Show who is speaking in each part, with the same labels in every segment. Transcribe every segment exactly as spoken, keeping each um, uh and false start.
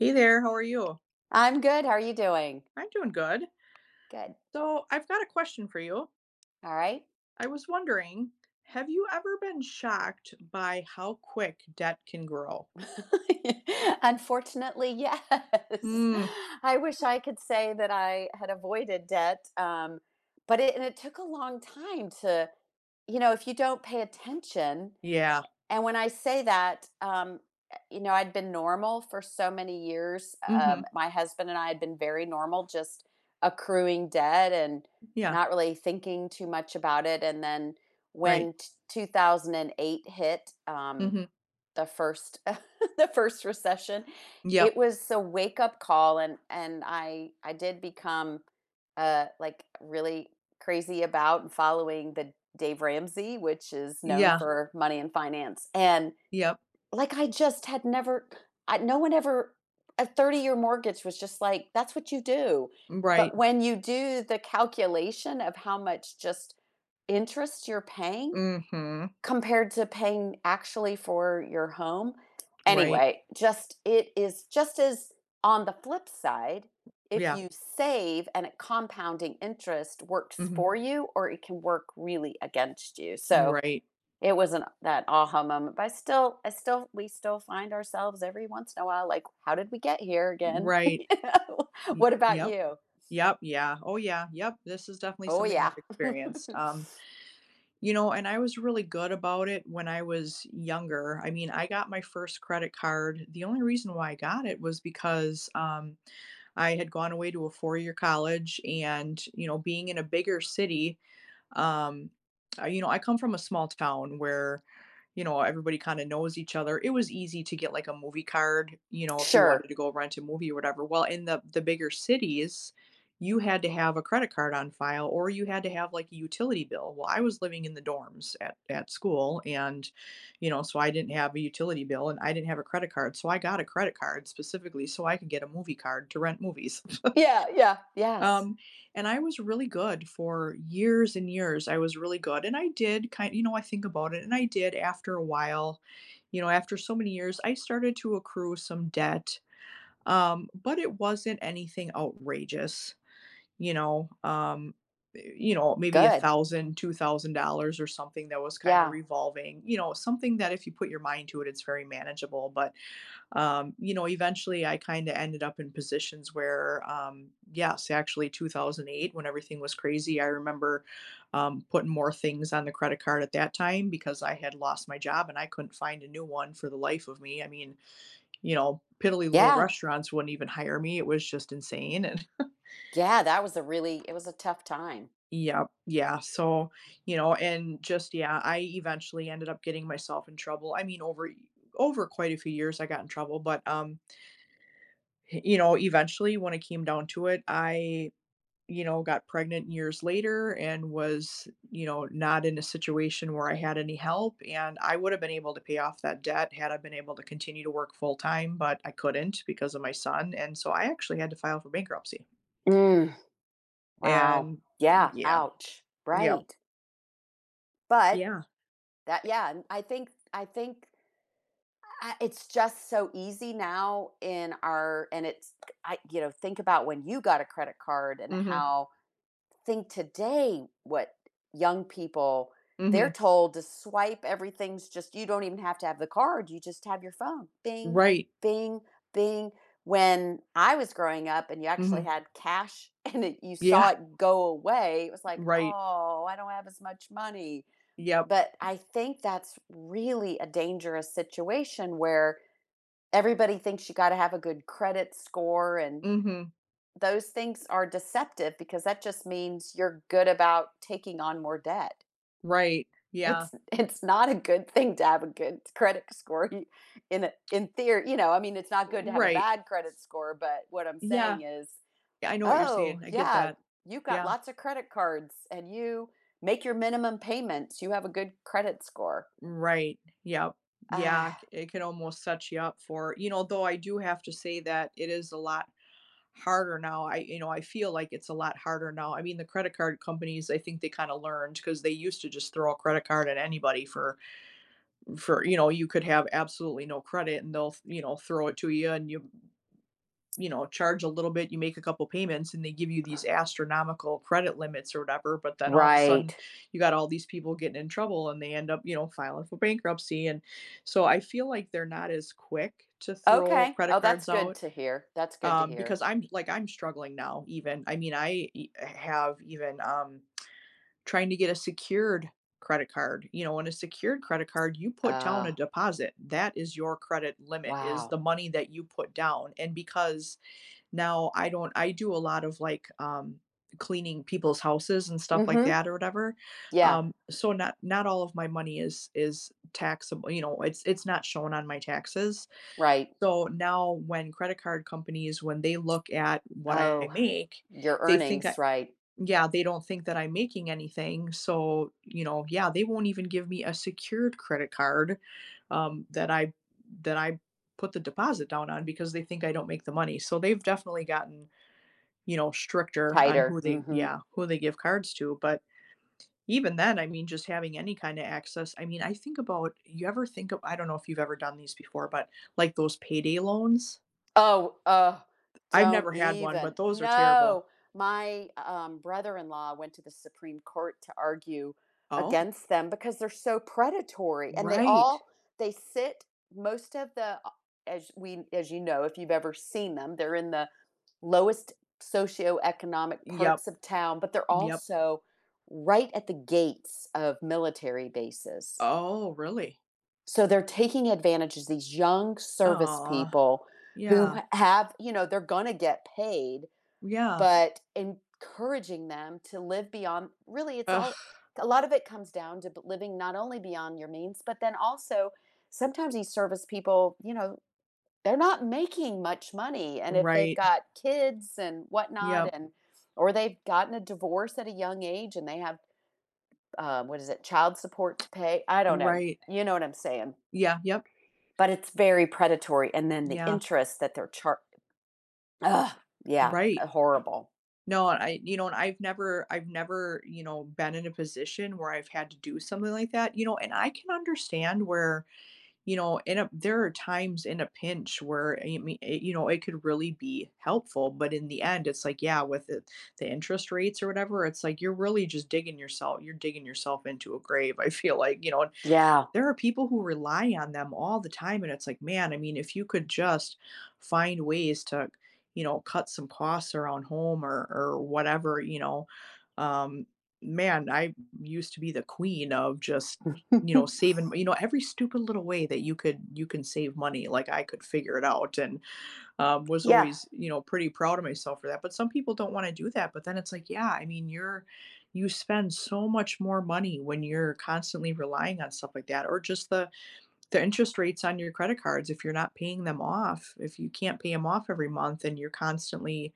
Speaker 1: Hey there, how are you?
Speaker 2: I'm good, how are you doing?
Speaker 1: I'm doing good.
Speaker 2: Good.
Speaker 1: So, I've got a question for you.
Speaker 2: Alright.
Speaker 1: I was wondering, have you ever been shocked by how quick debt can grow?
Speaker 2: Unfortunately, yes.
Speaker 1: Mm.
Speaker 2: I wish
Speaker 1: Hmm.
Speaker 2: I could say that I had avoided debt, um, but it and it took a long time to, you know, if you don't pay attention,
Speaker 1: Yeah.
Speaker 2: a and when I say that, um, eh you know, I'd been normal for so many years, u um,
Speaker 1: Mhm.
Speaker 2: my husband and I had been very normal, just accruing debt and
Speaker 1: Yeah.
Speaker 2: not really thinking too much about it, and then when
Speaker 1: Right.
Speaker 2: t two thousand and eight hit, um,
Speaker 1: Mhm.
Speaker 2: the first the first recession, it
Speaker 1: Yep.
Speaker 2: was a wake-up call, and and I I did become, uh, like, really crazy about following the Dave Ramsey, which is known
Speaker 1: Yeah.
Speaker 2: for money and finance, and,
Speaker 1: Yep.
Speaker 2: like, I just had never c I no one ever a thirty-year mortgage was just like, that's what you do,
Speaker 1: Mm, right.
Speaker 2: but when you do the calculation of how much just interest you're paying
Speaker 1: Mhm.
Speaker 2: compared to paying actually for your home.
Speaker 1: Right.
Speaker 2: Anyway, just it is just as on the flip side, if
Speaker 1: Yeah.
Speaker 2: you save and a compounding interest works
Speaker 1: Mhm.
Speaker 2: for you or it can work really against you,
Speaker 1: You
Speaker 2: so,
Speaker 1: right.
Speaker 2: it wasn't that a-ha moment, but I still I still we still find ourselves every once in a while, like, "How did we get here again?"
Speaker 1: Right. Y
Speaker 2: What about
Speaker 1: yep.
Speaker 2: you?
Speaker 1: Yep, yeah, oh, yeah, yep, this is definitely
Speaker 2: Oh,
Speaker 1: something I've
Speaker 2: yeah.
Speaker 1: experienced. Um, you know, and I was really good about it when I was younger. I mean, I got my first credit card the only reason why I got it was because, um, I had gone away to a four-year college, and, you know, being in a bigger city, um, uh, you know, I come from a small town where, you know, everybody kinda knows each other. It was easy to get, like, a movie card, you know, if you
Speaker 2: Sure.
Speaker 1: wanted to go rent a movie or whatever. Well, in the the bigger cities, you had to have a credit card on file, or you had to have, like, a utility bill. Well, I was living in the dorms at that school, and, you know, so I didn't have a utility bill, and I didn't have a credit card, so, I got a credit card, specifically, so I could get a movie card to rent movies.
Speaker 2: Yeah, yeah, yes.
Speaker 1: Um, and I was really good for years and years, I was really good, and I did ki you know, I think about it, and I did after a while, you know, after so many years, I started to accrue some debt, um, but it wasn't anything outrageous, you know, um, eh eh you know, maybe a
Speaker 2: Good.
Speaker 1: thousand, two thousand dollars, or something that was kinda
Speaker 2: Yeah.
Speaker 1: revolving, you know? Something that if you put your mind to it, it's very manageable, but, um, you know, eventually, I kinda ended up in positions where, um yes, actually, two thousand eight when everything was crazy, I remember, um, putting more things on the credit card at that time because I had lost my job, and I couldn't find a new one for the life of me. I mean, you know, piddly little
Speaker 2: Yeah.
Speaker 1: restaurants wouldn't even hire me, it was just insane, and
Speaker 2: Yeah, that was a really it was a tough time.
Speaker 1: Yep. Yeah, so, you know, and just yeah, I eventually ended up getting myself in trouble, I mean, over y over quite a few years, I got in trouble, but, um h you know, eventually, when it came down to it, I, you know, got pregnant years later and was, you know, not in a situation where I had any help, and I would have been able to pay off that debt had I been able to continue to work full time, but I couldn't because of my son, and so I actually had to file for bankruptcy.
Speaker 2: Mm. Wow.
Speaker 1: And
Speaker 2: Yeah,
Speaker 1: yeah.
Speaker 2: ouch.
Speaker 1: Yep.
Speaker 2: Right. But
Speaker 1: Yeah.
Speaker 2: that, yeah, and I think I think, uh, it's just so easy now in our and it's I you know, think about when you got a credit card and
Speaker 1: Mhm.
Speaker 2: how think today what young people they're
Speaker 1: Mhm.
Speaker 2: told to swipe, everything's just you don't even have to have the card, you just have your phone, "Bing,
Speaker 1: Right.
Speaker 2: bing, bing." When I was growing up and you actually
Speaker 1: Mhm.
Speaker 2: had cash, and you saw
Speaker 1: Yeah.
Speaker 2: it go away, it was like,
Speaker 1: Right.
Speaker 2: "Oh, I don't have as much money."
Speaker 1: Yep.
Speaker 2: But I think that's really a dangerous situation where everybody thinks you gotta have a good credit score and
Speaker 1: Mhm.
Speaker 2: those things are deceptive because that just means you're good about taking on more debt.
Speaker 1: Right. Yeah.
Speaker 2: It's it's not a good thing to have a good credit score in in theor you know, I mean, it's not good to have a
Speaker 1: Right.
Speaker 2: bad credit score, but what I'm
Speaker 1: Yeah.
Speaker 2: saying is,
Speaker 1: I know what you're
Speaker 2: "Oh,
Speaker 1: saying, I get
Speaker 2: yeah.
Speaker 1: that.
Speaker 2: You've got
Speaker 1: Yeah.
Speaker 2: lots of credit cards, and you make your minimum payments. You have a good credit score."
Speaker 1: Right. Yep. Yeah, i
Speaker 2: Ah.
Speaker 1: it could almost set ya up for you know, though I do have to say that it is a lot harder now, I you know, I feel like it's a lot harder now, I mean, the credit card companies, I think they kinda learned 'cause they used to just throw a credit card at anybody for for, you know, you could have absolutely no credit, and they'll, you know, throw it to ya, and you you know, charge a little bit, you make a couple payments, and they give you these astronomical credit limits or whatever, but then all of a sudden,
Speaker 2: Right.
Speaker 1: you got all these people getting in trouble, and they end up, you know, filing for bankruptcy, and, so, I feel like they're not as quick to throw
Speaker 2: Okay. Oh,
Speaker 1: credit
Speaker 2: that's
Speaker 1: cards
Speaker 2: good
Speaker 1: out.
Speaker 2: to hear. That's good to
Speaker 1: Um,
Speaker 2: hear.
Speaker 1: because I'm like, I'm struggling now even. I mean, I h have even, um, trying to get a secured credit card, you know, on a secured credit card, you put down a
Speaker 2: Oh.
Speaker 1: deposit. That is your credit limit, is the
Speaker 2: Wow.
Speaker 1: money that you put down. And because now I don't I do a lot of, like, um, cleaning people's houses and stuff like
Speaker 2: Mhm.
Speaker 1: that or whatever,
Speaker 2: Yeah.
Speaker 1: um, so, not not all of my money is is taxable, you know, it's it's not shown on my taxes,
Speaker 2: Right.
Speaker 1: so now when credit card companies, when they look at what I
Speaker 2: Oh.
Speaker 1: make,
Speaker 2: Your
Speaker 1: they think
Speaker 2: earnings,
Speaker 1: I
Speaker 2: right.
Speaker 1: Yeah, they don't think that I'm making anything, so, you know, yeah, they won't even give me a secured credit card, um, that I that I put the deposit down on because they think I don't make the money. So they've definitely gotten, you know, stricter on
Speaker 2: Tighter.
Speaker 1: who they
Speaker 2: Mhm.
Speaker 1: Yeah, who they give cards to, but, even then, I mean, just having any kinda access, I mean, I think about you ever think of I don't know if you've ever done these before, but, like, those payday loans?
Speaker 2: Oh, uh,
Speaker 1: I've
Speaker 2: don't
Speaker 1: never had one, but
Speaker 2: even.
Speaker 1: those are terrible.
Speaker 2: No! My um, brother-in-law went to the Supreme Court to argue
Speaker 1: Oh?
Speaker 2: against them because they're so predatory. And they
Speaker 1: Right.
Speaker 2: all they sit most of the, uh, as we as you know, if you've ever seen them, they're in the lowest socioeconomic
Speaker 1: Yep.
Speaker 2: parts of town, but they're
Speaker 1: Yep.
Speaker 2: also right at the gates of military bases.
Speaker 1: Oh, really?
Speaker 2: So, they're taking advantage ag these young service
Speaker 1: Aw,
Speaker 2: people who
Speaker 1: yeah.
Speaker 2: h have you know, they're gonna get paid,
Speaker 1: Yeah.
Speaker 2: but encouraging them to live beyond really it's
Speaker 1: Ugh.
Speaker 2: all c a lot of it comes down to b living not only beyond your means, but then also, sometimes these service people, you know they're not making much money and if they've
Speaker 1: Right.
Speaker 2: got kids and whatnot
Speaker 1: Yep.
Speaker 2: and or they've gotten a divorce at a young age and they have, uh, what is it, child support to pay I don't know.
Speaker 1: Right.
Speaker 2: You know what I'm saying.
Speaker 1: Yeah, yep.
Speaker 2: But it's very predatory and then the
Speaker 1: Yeah.
Speaker 2: interest that they're char ugh, yeah,
Speaker 1: Right.
Speaker 2: uh horrible.
Speaker 1: No, I you know, and I've never I've never, you know, been in a position where I've had to do something like that, you know, and I can understand where, you know, in a there are times, in a pinch, where, a y me a you know, it could really be helpful. But in the end, it's like, yeah, with the the interest rates or whatever, it's like, you're really just digging yoursel you're digging yourself into a grave, I feel like, you know.
Speaker 2: Yeah.
Speaker 1: There are people who rely on them all the time, and it's like, Man, I mean, if you could just find ways to, you know, cut some costs around home or or whatever, you know. Um, man, I used to be the queen of just, y you know, saving you know, every stupid little way that you could you can save money, like, I could figure it out and, um, was
Speaker 2: Yeah.
Speaker 1: always, you know, pretty proud of myself for that. But some people don't wanna do that, but then it's like, Yeah, I mean, you're you spend so much more money when you're constantly relying on stuff like that or just the the interest rates on your credit cards if you're not paying them off if you can't pay 'em off every month and you're constantly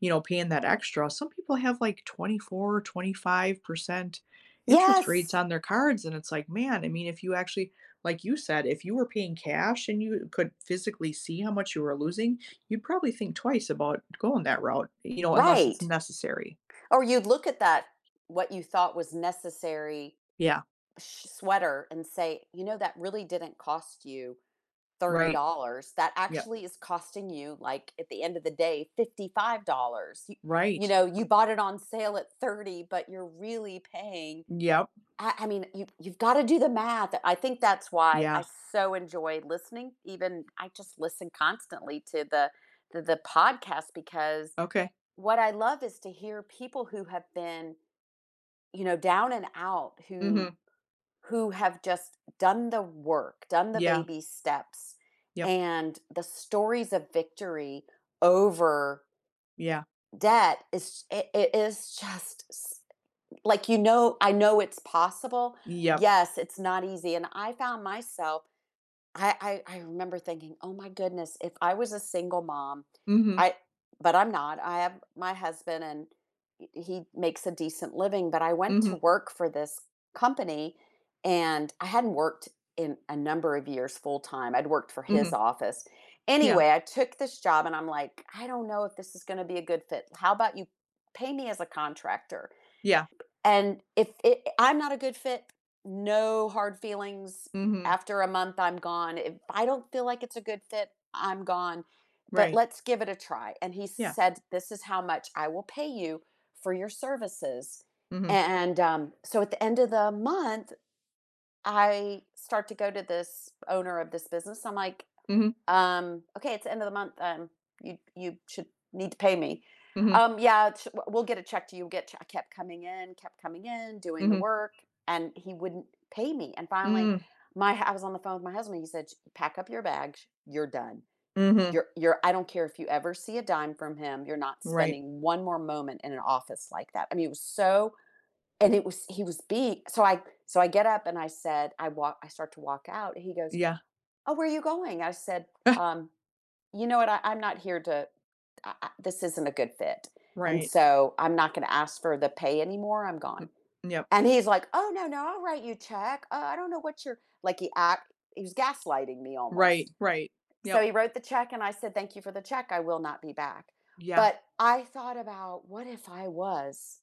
Speaker 1: you know, paying that extra. Some people have, like, twenty-four, twenty five percent interest rates
Speaker 2: Yes.
Speaker 1: on their cards, and it's like, Man, I mean, if you actually, like you said, if you were paying cash and you could physically see how much you were losing, you'd probably think twice about going that route, you know, unless it's
Speaker 2: Right
Speaker 1: necessary.
Speaker 2: or you'd look at that, what you thought was necessary,
Speaker 1: Yeah.
Speaker 2: sh sweater and say, "You know, that really didn't cost you thirty
Speaker 1: Right.
Speaker 2: dollars. That
Speaker 1: Yep.
Speaker 2: actually is costing you, like, at the end of the day, fifty-five dollars, y
Speaker 1: Right.
Speaker 2: you know,
Speaker 1: R
Speaker 2: you bought it on sale at thirty dollars, but you're really paying"
Speaker 1: Yep.
Speaker 2: I I mean, you you've gotta do the math, I think that's why I
Speaker 1: Yeah.
Speaker 2: so enjoy listening, even, I just listen constantly to the th the podcast because
Speaker 1: Okay.
Speaker 2: what I love is to hear people who have been, you know, down and out, who
Speaker 1: Mhm.
Speaker 2: who have just done the work, done the
Speaker 1: Yeah.
Speaker 2: baby steps,
Speaker 1: Yep.
Speaker 2: and the stories of victory over
Speaker 1: Yeah.
Speaker 2: debt ish i i is just s like, you know I know it's possible.
Speaker 1: Yep.
Speaker 2: Yes, it's not easy- and I found myself I I I remember thinking, "Oh my goodness, if I was a single mom,
Speaker 1: Mhm.
Speaker 2: I" but I'm not, I have my husband and e he makes a decent living But I went to
Speaker 1: Mhm.
Speaker 2: work for this company and I hadn't worked in a number of years full time. I'd worked for his
Speaker 1: Mhm.
Speaker 2: office.
Speaker 1: Yeah.
Speaker 2: Anyway, I took this job and I'm like, "I don't know if this is gonna be a good fit. How about you pay me as a contractor,
Speaker 1: Yeah.
Speaker 2: and if i I'm not a good fit, no hard feelings,
Speaker 1: Mhm.
Speaker 2: after a month, I'm gone. If I don't feel like it's a good fit, I'm gone, but
Speaker 1: Right.
Speaker 2: let's give it a try," and he
Speaker 1: Yeah.
Speaker 2: said, "This is how much I will pay you for your services,"
Speaker 1: Mhm.
Speaker 2: and, um So at the end of the month, I start to go to this owner of this business, I'm like,
Speaker 1: Mhm.
Speaker 2: "Um, okay, it's the end of the month, um, you you should need to pay me,"
Speaker 1: Mhm.
Speaker 2: "Um, yeah, sh we'll we'll get a check to you, get a check" I kept coming in, kept coming in, doing the
Speaker 1: Mhm.
Speaker 2: work, and he wouldn't pay me, and finally,
Speaker 1: Mm.
Speaker 2: my h I was on the phone with my husband, he said, "Ch pack up your bags, you're done.
Speaker 1: Mhm.
Speaker 2: You're you're I don't care if you ever see a dime from him, you're not
Speaker 1: Right.
Speaker 2: spending one more moment in an office like that," I mean, it was so and it was he was bei so, I so, I get up and I said I wal I start to walk out, and he goes,
Speaker 1: Yeah.
Speaker 2: "Oh, where are you going?" I said,
Speaker 1: Ah!
Speaker 2: um, "You know what, I I'm not here to I I This isn't a good fit, and
Speaker 1: Right.
Speaker 2: so I'm not gonna ask for the pay anymore, I'm gone,"
Speaker 1: M yep.
Speaker 2: and he's like, "Oh, no, no, I'll write you a check, uh, I don't know what your" like he act he was gaslighting me
Speaker 1: Right,
Speaker 2: almost.
Speaker 1: right.
Speaker 2: So,
Speaker 1: Yep.
Speaker 2: he wrote the check, and I said, "Thank you for the check, I will not be back,"
Speaker 1: Yeah.
Speaker 2: but I thought about what if I was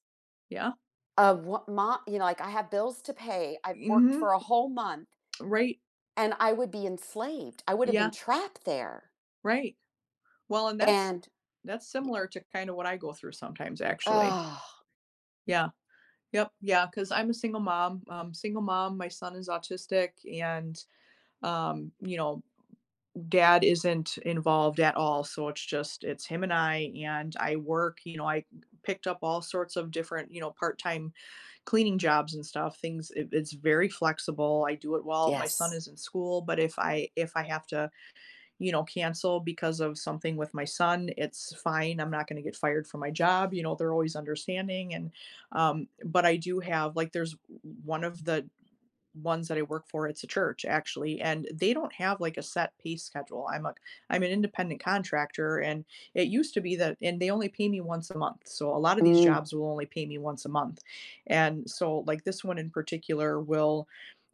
Speaker 1: Yeah.
Speaker 2: Of wha mo you know, like, I have bills to pay. I've worked
Speaker 1: Mhm.
Speaker 2: for a whole month
Speaker 1: Right.
Speaker 2: and I would be enslaved. I woulda been
Speaker 1: Yeah.
Speaker 2: trapped there.
Speaker 1: Right. Well, and that's
Speaker 2: And
Speaker 1: that's similar to kinda what I go through sometimes, actually. Yeah. Yep, yeah, 'cause I'm a single mom, um, single mom, my son is autistic, and, um, you know, dad isn't involved at all, so, it's just it's him and I, and I work, you know I picked up all sorts of different, you know, part time cleaning jobs and stuff, things i it's very flexible. I do it while my son
Speaker 2: Yes.
Speaker 1: is in school, but if I if I have to, you know, cancel because of something with my son, it's fine. I'm not gonna get fired from my job, you know, they're always understanding, and, um, but I do have like, there's o one of the ones that I work for, it's a church, actually- and they don't have, like, a set pay schedule, I'm a c I'm an independent contractor and, it used to be that and they only pay me once a month. So, a lotta these
Speaker 2: Mm.
Speaker 1: jobs will only pay me once a month, and so, like, this one in particular, will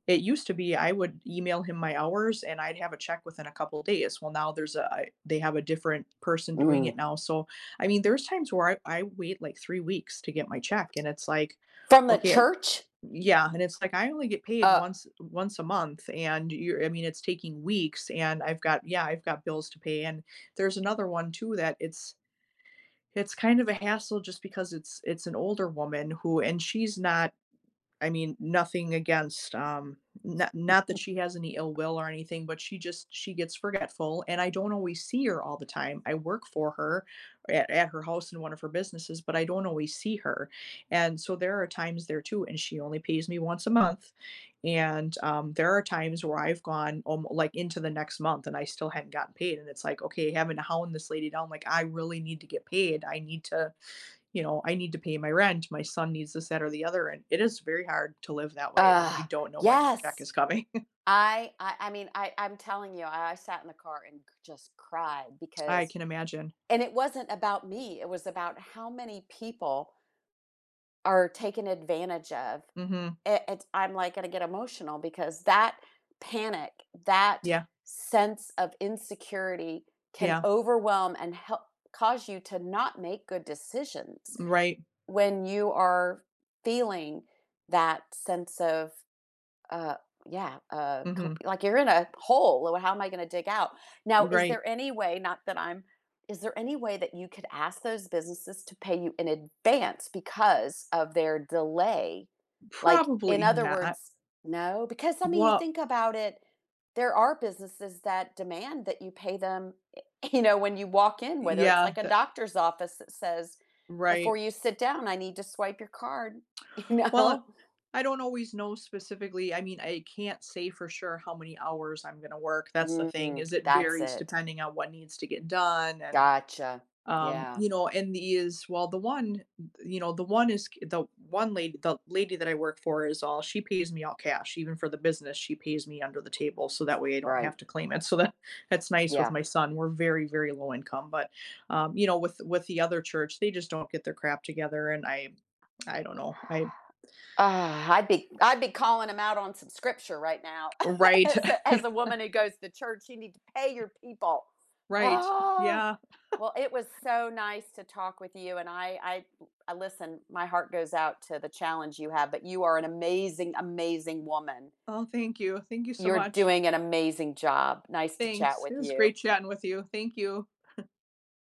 Speaker 1: it used to be, I would email him my hours, and I'd have a check within a couple days, well, now there's a I they have a different person doing it
Speaker 2: Mm.
Speaker 1: now, so, I mean, there's times where I I wait, like, three weeks to get my check, and it's like,
Speaker 2: From the
Speaker 1: "Okay"
Speaker 2: church?
Speaker 1: yeah, and it's like, "I only get paid
Speaker 2: Uh
Speaker 1: once once a month, and you're I mean, it's taking weeks, and I've got," Yeah "I've got bills to pay," and there's another one too that it's it's kind of a hassle just because it's it's an older woman who and she's not, I mean, nothing against, um, no not that she has any ill will or anything, but she just she gets forgetful, and I don't always see her all the time, I work for her at at her house and one of her businesses, but I don't always see her, and so there are times there too and she only pays me once a month, and, um, there are times where I've gone almo like, into the next month, and I still hadn't gotten paid, and it's like, "Okay," having to hound this lady down, like, "I really need to get paid. I need to, you know, I need to pay my rent. My son needs this, that, or the other," and it is very hard to live that way when you
Speaker 2: Ugh,
Speaker 1: don't know when your check
Speaker 2: yes!
Speaker 1: is coming.
Speaker 2: I I I mean, I I'm telling you, I I sat in the car and cr just cried
Speaker 1: I
Speaker 2: because
Speaker 1: can imagine.
Speaker 2: and it wasn't about me, it was about how many people are taken advantage of.
Speaker 1: Mhm.
Speaker 2: A it I'm, like, gonna get emotional because that panic, that
Speaker 1: Yeah.
Speaker 2: sense of insecurity can
Speaker 1: Yeah.
Speaker 2: overwhelm and hel cause you to not make good decisions
Speaker 1: M right.
Speaker 2: when you are feeling that sense of, uh, yeah, uh, com
Speaker 1: Mhm.
Speaker 2: like you're in a hole, "L how am I gonna dig out?" Now, is
Speaker 1: Right.
Speaker 2: there any way, not that I'm is there any way that you could ask those businesses to pay you in advance because of their delay, like, in
Speaker 1: Probably
Speaker 2: other
Speaker 1: not.
Speaker 2: words No? 'cause, I mean, you
Speaker 1: Well
Speaker 2: think about it, there are businesses that demand that you pay them, eh you know, when you walk in, whether it's
Speaker 1: Yeah,
Speaker 2: like a
Speaker 1: tha
Speaker 2: doctor's office that says, "Before
Speaker 1: Right.
Speaker 2: you sit down, I need to swipe your card," you
Speaker 1: Well,
Speaker 2: know?
Speaker 1: I don't always know specifically. I mean, I can't say for sure how many hours I'm gonna work, that's the thing,
Speaker 2: Mm,
Speaker 1: is it
Speaker 2: that's
Speaker 1: varies
Speaker 2: it.
Speaker 1: depending on what needs to get done, and,
Speaker 2: Gotcha,
Speaker 1: um,
Speaker 2: yeah.
Speaker 1: you know, and these well, the one, you know, the one is c the one lad the lady that I work for is all she pays me all cash; even for the business, she pays me under the table, so that way, I don't have
Speaker 2: Right.
Speaker 1: to claim it. So that that's nice with
Speaker 2: Yeah.
Speaker 1: my son- we're very, very low income but, um, you know, with with the other church, they just don't get their crap together, and I I don't know. I
Speaker 2: I'd be I'd be calling 'em out on some scripture right now,
Speaker 1: Right.
Speaker 2: s as the woman who goes to church, you need to pay your people.
Speaker 1: Right,
Speaker 2: Ah!
Speaker 1: yeah.
Speaker 2: Well, it was so nice to talk with you, and I I l listen, my heart goes out to the challenge you have, but you are an amazing, amazing woman.
Speaker 1: Oh, thank you, thank you so
Speaker 2: You're
Speaker 1: much.
Speaker 2: doing an amazing job, nice to chat
Speaker 1: Thanks,
Speaker 2: with
Speaker 1: it was
Speaker 2: you.
Speaker 1: great chatting with you, thank you.